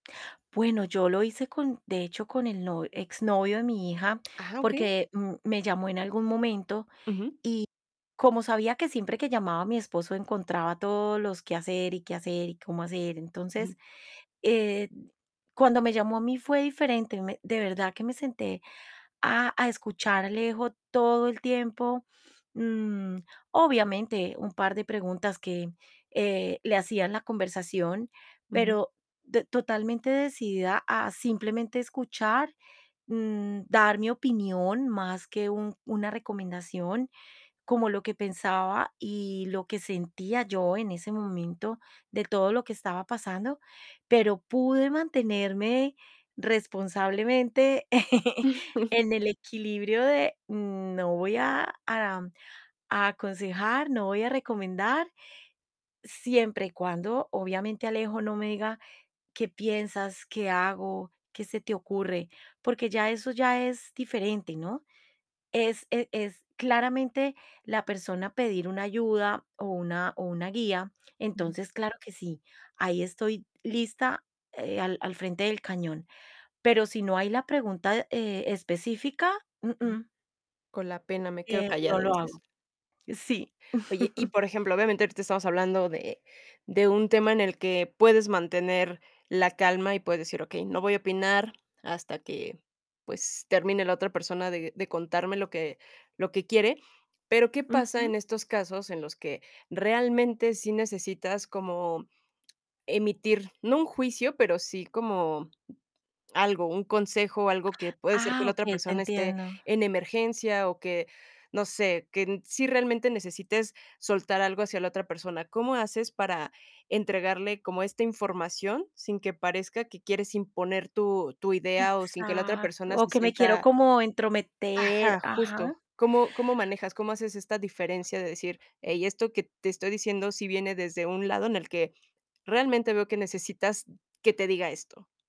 Bueno, yo lo hice con de hecho, con el no exnovio de mi hija, Ajá, okey. porque m me llamó en algún momento, y Ujú. como sabía que siempre que llamaba, mi esposo encontraba todos los qué hacer, y qué hacer y cómo hacer. Ujú. Entonces, eh, cuando me llamó a mí fue diferente, me de verdad que me senté a a escuchar a Alejo, todo el tiempo, mm, obviamente, un par de preguntas que, eh, le hacía en la conversación, Ujú. pero d totalmente decidida a simplemente escuchar, mm, dar mi opinión, más que un una recomendación, como lo que pensaba, y lo que sentía yo en ese momento, de todo lo que estaba pasando. Pero, pude mantenerme responsablemente en el equilibrio de: "No voy a, a aconsejar, no voy a recomendar". Siempre y cuando, obviamente, Alejo no me diga: "¿Qué piensas? ¿Qué hago, qué se te ocurre?". Porque ya eso ya es diferente, ¿no? Es e es, claramente, la persona pedir una ayuda, o una o una guía, Ujú. entonces claro que sí, ahí estoy lista, eh, al al frente del cañón. Pero si no hay la pregunta, eh, específica, Ujú. uh-uh. "Con la pena, me quedo Eh, no callado", lo dices. hago. Sí Oye, y, por ejemplo, obviamente, ahorita estamos hablando de, de un tema en el que, puedes mantener la calma, y puedes decir: "Okey, no voy a opinar hasta que, pues, termine la otra persona de de contarme lo que lo que quiere". Pero ¿qué pasa Ujú. en estos casos en los que realmente sí necesitas como emitir? No un juicio, pero sí como, algo, un consejo, algo, que puede ser que Ah la otra okey, te persona esté entiendo. en emergencia o que no sé, que sí realmente necesites soltar algo hacia la otra persona, ¿cómo haces para entregarle como esta información, sin que parezca que quieres imponer tu tu idea, o sin que la otra Exacto, persona o se que me quiero sienta? como entrometer, ajá, justo. ajá. ¿Cómo cómo manejas, cómo haces esta diferencia, de decir: "Hey, esto que te estoy diciendo sí viene desde un lado en el que, realmente veo que necesitas que te diga esto?"